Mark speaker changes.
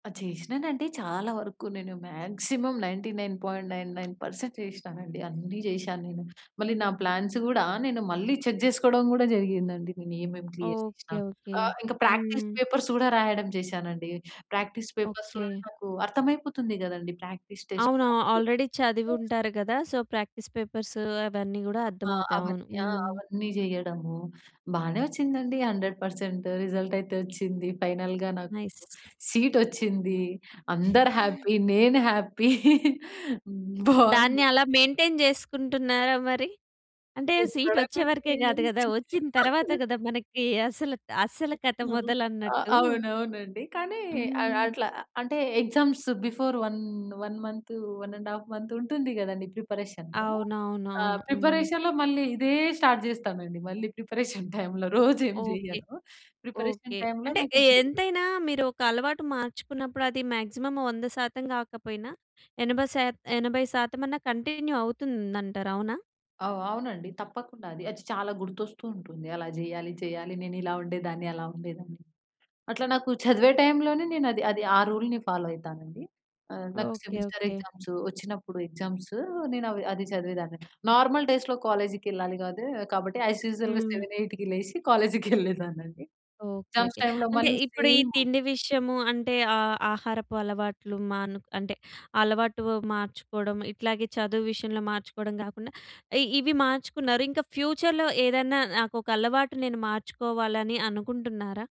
Speaker 1: ఆ! చేశినానండి. చాలా వరకు నేను మాక్సిమం 99.99% చేశినానండి, అన్నీ జేశా నేను. మళ్ళీ నా ప్లాన్స్ కూడా నేను మళ్ళీ చెక్ చేసుకోవడం కూడా జరిగిందండి. నేను ఏమేం క్లియర్
Speaker 2: ఓకే.
Speaker 1: చేసినా
Speaker 2: ఓకే.
Speaker 1: ఆహ్, ఇంకా ప్రాక్టీస్
Speaker 2: హ్మ్.
Speaker 1: పేపర్స్ కూడా రాయడం చేశానండి. ప్రాక్టీస్ పేపర్స్ కూడా
Speaker 2: ఓకే.
Speaker 1: నాకు అర్థమైపోతుంది కదండీ! ప్రాక్టీస్ టెస్ట్
Speaker 2: అవును. ఆ
Speaker 1: రాస్తె.
Speaker 2: ఆల్రెడీ చదివుంటారు కదా! సో, ప్రాక్టీస్ పేపర్సు అవన్నీ గూడా
Speaker 1: అ! ఆ!
Speaker 2: అర్ధమవుతాయి. అవును.
Speaker 1: అవన్నీ ఆ!
Speaker 2: హ్మ్.
Speaker 1: అవన్నీ జేయడము. బానే వొచ్చిందండి. 100% రిజల్ట్ అయితే వొచ్చింది. ఫైనల్‌గా నాకు
Speaker 2: నైస్.
Speaker 1: సీటొచ్చింది. అందరు హ్యాపీ. నేను హ్యాపీ.
Speaker 2: దాన్ని
Speaker 1: బావుంది.
Speaker 2: అలా మెయింటైన్ జేసుకుంటున్నారా మరి? అంటే,
Speaker 1: ఎక్కడ,
Speaker 2: సీటొచ్చే వరకే
Speaker 1: నాకేం
Speaker 2: గాదు గదా! వొచ్చిన తరువాత కదా! మనకి అసలు, అసలు కథ
Speaker 1: ఆ! ఆహ్,
Speaker 2: మొదలన్నట్టు.
Speaker 1: అవునవునండి. కానీ, అ
Speaker 2: హ్మ్.
Speaker 1: అట్లా అంటే, ఎగ్జామ్స్ బిఫోర్ 1, 1 మంతు, 1 ½ మంతుంటుంది కదండీ! ప్రిపరేషను. ఆహ్,
Speaker 2: అవునవునవును. హ్మ్.
Speaker 1: ప్రిపరేషన్‌లో మళ్ళీ ఇదే స్టార్ట్ చేస్తానండి. మళ్ళీ ప్రిపరేషన్ టైమ్‌లో రోజు ఏం
Speaker 2: ఓకే.
Speaker 1: జెయ్యను. Preparation
Speaker 2: okay.
Speaker 1: టైమ్‌లో
Speaker 2: అంటే,
Speaker 1: నాకు
Speaker 2: ఎ
Speaker 1: [unintelligible]
Speaker 2: ఎంతైనా మీరు ఒక అలవాటు మార్చుకున్నప్పుడు, అది మాక్సిమం 100% గాకపోయినా ఎనభై శాత్ ఎనభై శాతం అన్నా కంటిన్యూ అవుతుందంటారు అవునా!
Speaker 1: అవ్ అవునండి. తప్పకుండా అది. అది చాలా గుర్తొస్తూవుంటుంది. అలా జెయ్యాలి, చెయ్యాలి నేనిలా ఉండేదాన్ని, అలా ఉండేదాన్ని. అట్లా నాకు చదివే టైములోనే నేను అది, అది ఆ రూల్‌ని ఫాలో అయితానండి. ఆహ్, నాకు
Speaker 2: ఓకే.
Speaker 1: Semester
Speaker 2: okay.
Speaker 1: ఎగ్జామ్సొచ్చినప్పుడు ఎగ్జామ్సు, నేను అవి, అది చదివేదాన్ని నార్మల్ డేస్‌లో కాలేజికెళ్ళాలి కాదు కాబట్టి, యాస్ యూజువల్‌గా
Speaker 2: హ్మ్.
Speaker 1: 7, 8కి లేసి కాలేజికెళ్ళేదాన్నండి.
Speaker 2: ఓకే.
Speaker 1: Exams
Speaker 2: okay.
Speaker 1: టైమ్‌లో
Speaker 2: అంటే
Speaker 1: మళ్ళీ
Speaker 2: ఇప్పుడు ఈ
Speaker 1: సేము.
Speaker 2: తిండి విషయము అంటే ఆహ్, ఆహారపు అలవాట్లు మాను అంటే, అలవాటు మార్చుకోవడం, ఇట్లాగే చదువు విషయంలో మార్చుకోవడం గాకుండా, ఇ ఇవి మార్చుకున్నారు. ఇంకా ఫ్యూచర్‌లో ఏదన్నా నాకొక అలవాటు నేను మార్చుకోవాలని అనుకుంటున్నారా?